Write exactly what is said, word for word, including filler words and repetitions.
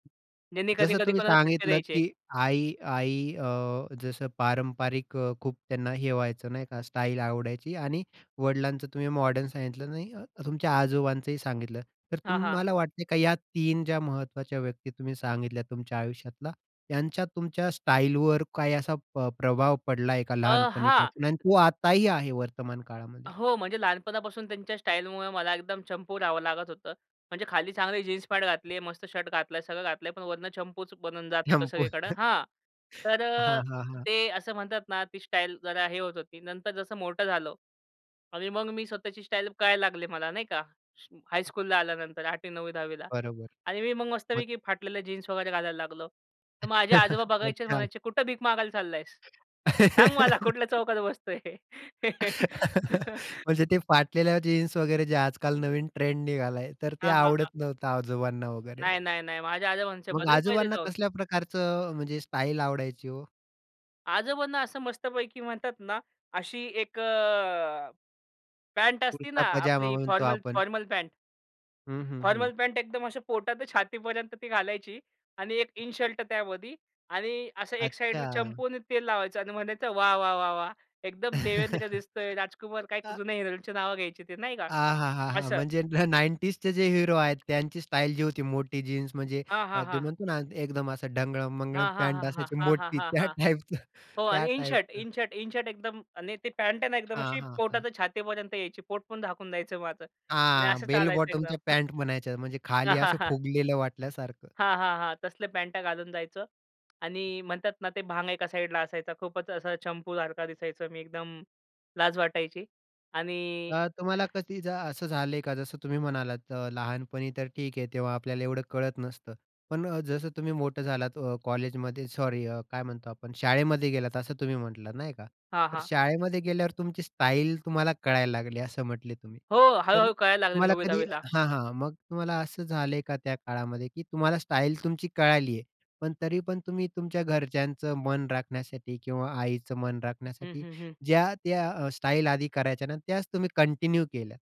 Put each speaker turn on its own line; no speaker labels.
ज्यांनी
जसं
कधी-कधी
तुम्ही
कोणाला फटके
सांगितलत,
द्यायचे.
की आई आई अ, जसं पारंपरिक अ, खूप त्यांना हे व्हायचं नाही का स्टाईल आवडायची आणि वडिलांचं तुम्ही मॉडर्न सांगितलं अ, तुमच्या आजोबांचंही सांगितलं तर
हां, हां.
तुम्हाला वाटतंय का या तीन ज्या महत्वाच्या व्यक्ती तुम्ही सांगितल्या तुमच्या आयुष्यातला, त्यांच्या तुमच्या स्टाईलवर काही असा प्रभाव पडला आहे का
अ, हां.
लहानपणीपासून आणि तो आताही आहे वर्तमान काळामध्ये?
हो. म्हणजे लहानपणापासून त्यांच्या स्टाईलमुळे मला एकदम चंपू राहावं लागत होतं. म्हणजे खाली चांगली जीन्स पॅट घातली आहे, मस्त शर्ट घातला, सगळं घातलंय पण वरनं चंपूच बनून जात होतं
चंपू.
सगळीकडं हां. तर
हां, हां, हां.
ते असं म्हणतात ना ती स्टाईल जरा हे होत होती. नंतर जसं मोठं झालो आणि मग मी स्वतःची स्टाईल कळायला लागली मला नाही का हायस्कूलला आल्यानंतर आठवी नववी दहावी ला.
बरोबर.
आणि मी मग
मग.
मस्तपैकी फाटलेलं जीन्स वगैरे घालायला लागलो. तर माझे आजोबा बघायचे,
अच्छा.
म्हणायचे, "कुठं भीक मागायला चाललायेस. सांग मला कुठल्या चौकात बसतोय."
म्हणजे ते फाटलेल्या जीन्स वगैरे जे आजकाल नवीन ट्रेंड निघालाय तर ते
हां, हां, हां.
आवडत नव्हतं आजोबांना वगैरे.
नाही, नाही, नाही. माझ्या आजोबा म्हणायचे
मग
"बदल पहिले
आजोबांना
जाऊन."
कसल्या प्रकारचं म्हणजे स्टाईल आवडायची हो?
आजोबांना असं मस्तपैकी म्हणतात ना अशी एक अ, पँट असती ना
कुर्ता पजामा
आपली
म्हणतो
फॉर्मल
आपण.
Formal pant.
हं, हं,
फॉर्मल
हं.
पँट एकदम अ, पोटापासून छातीपर्यंत ती घालायची आणि एक इनशर्ट त्यामध्ये आणि असं एक साइडला
अच्छा.
चंपू आणि तेल लावायचं आणि म्हणायचं, "वाह, वाह, वाह, वाह! एकदम देवेंद्र दिसतोय राजकुमार." काय
आ
जुन्या हीरोंची नावं घ्यायची ते नाही का?
आ हा हा हा!
असं.
म्हणजे न नाइंटीजचे जे हिरो आहेत त्यांची स्टाईल जी होती मोठी जीन्स म्हणजे
हां, हां,
ते
हां.
म्हणतो ना एकदम ढंगळम-मंगळम
हां, हां,
पँट
हां,
असायची
हां, हां,
मोठी
हां,
त्या
हां.
टाइपचं
हो
त्या
आणि इन शर्ट
टाइपचं.
In shirt. इन शर्ट एकदम आणि ते पँट आहे ना एकदम
हां,
अशी
हां,
पोटा
हां.
ते छातीपर्यंत यायची. पोटपण झाकून जायचं माझं आणि
हां.
असं
बेल
चालायचं एकदम.
बॉटमच्या
[unintelligible]
पँट म्हणायच्या म्हणजे खाली असं फुगलेलं वाटल्यासारखं.
हां, हां, हां. तसले पॅन्टा घालून जायचो आणि म्हणतात ना ते भांग एका साइडला असायचा खूपच असा चंपूसारखा दिसायचं मी एकदम लाज वाटायची. आणि
तर तुम्हाला कधी असं झालंय का जसं तुम्ही म्हणालात लहानपणी तर ठीक आहे तेव्हा आपल्याला एवढं कळत नसतं. पण जसं तुम्ही मोठं झालात कॉलेजमध्ये सॉरी काय म्हणतो आपण शाळेमध्ये गेलात असं तुम्ही म्हटलात नाही का.
हां,
तर
हां.
शाळेमध्ये गेल्यावर तुमची स्टाईल तुम्हाला कळायला लागली असं म्हटले तुम्ही
हो.
तर
हळू-हळू कळायला लागले
तुम्हाला
नववी
कधी
दहावी ला.
हां, हां. मग तुम्हाला असं झालंय का त्या काळामध्ये की तुम्हाला स्टाईल तुमची कळाली आहे पण तरी पण तुम्ही तुमच्या घरच्यांचं मन राखण्यासाठी किंवा आईचं मन
हं,
राखण्यासाठी
हं, हं.
ज्या त्या स्टाईलआधी करायच्या ना त्याच तुम्ही कंटिन्यू केल्या?